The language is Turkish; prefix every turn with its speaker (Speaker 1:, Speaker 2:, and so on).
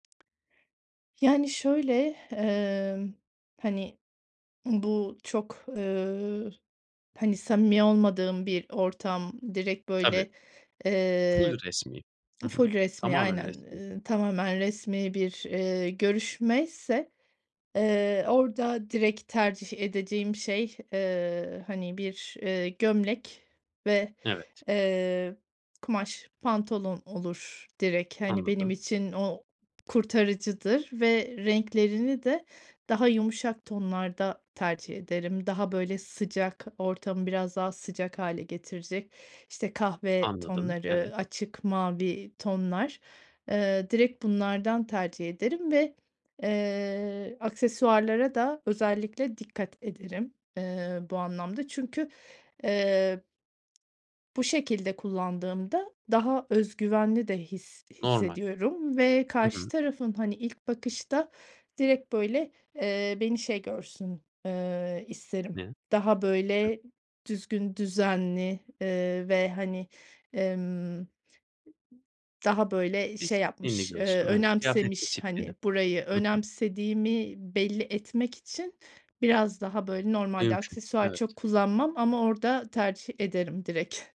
Speaker 1: Yani, şöyle, emm, hani, bu çok, ııı, hani, samimi olmadığım bir ortam, direkt,
Speaker 2: Tabii.
Speaker 1: böyle,
Speaker 2: Ful
Speaker 1: eee
Speaker 2: resmî. Hı hı,
Speaker 1: Ful resmî,
Speaker 2: tamamen
Speaker 1: aynen,
Speaker 2: resmî.
Speaker 1: ııı, tamamen resmî bir, eee, görüşmeyse, eee, orada direkt tercih edeceğim şey, eee, hani, bir, eee, gömlek ve,
Speaker 2: Evet.
Speaker 1: eee, kumaş pantolon olur direkt. Hani, benim
Speaker 2: Anladım.
Speaker 1: için o kurtarıcıdır ve renklerini de daha yumuşak tonlarda tercih ederim. Daha, böyle, sıcak ortamı biraz daha sıcak hâle getirecek, işte, kahve
Speaker 2: Anladım,
Speaker 1: tonları,
Speaker 2: evet.
Speaker 1: açık mavi tonlar, eee, direkt bunlardan tercih ederim ve, eee, aksesuarlara da özellikle dikkat ederim, eee, bu anlamda. Çünkü, eee bu şekilde kullandığımda daha öz güvenli de his
Speaker 2: Normal.
Speaker 1: hissediyorum ve
Speaker 2: Hı
Speaker 1: karşı
Speaker 2: hı.
Speaker 1: tarafın, hani, ilk bakışta direkt, böyle, eee, beni şey görsün, eee, isterim.
Speaker 2: Ne?
Speaker 1: Daha,
Speaker 2: Hıh.
Speaker 1: böyle, düzgün, düzenli, eee, ve, hani, emm daha, böyle, şey
Speaker 2: Disiplinli
Speaker 1: yapmış, ııı,
Speaker 2: diyorsun? Evet, kıyafet
Speaker 1: önemsemiş.
Speaker 2: disiplini.
Speaker 1: Hani, burayı
Speaker 2: Hı hı.
Speaker 1: önemsediğimi belli etmek için biraz daha, böyle, normalde
Speaker 2: Mümkün,
Speaker 1: aksesuar
Speaker 2: evet.
Speaker 1: çok kullanmam ama orada tercih ederim direkt.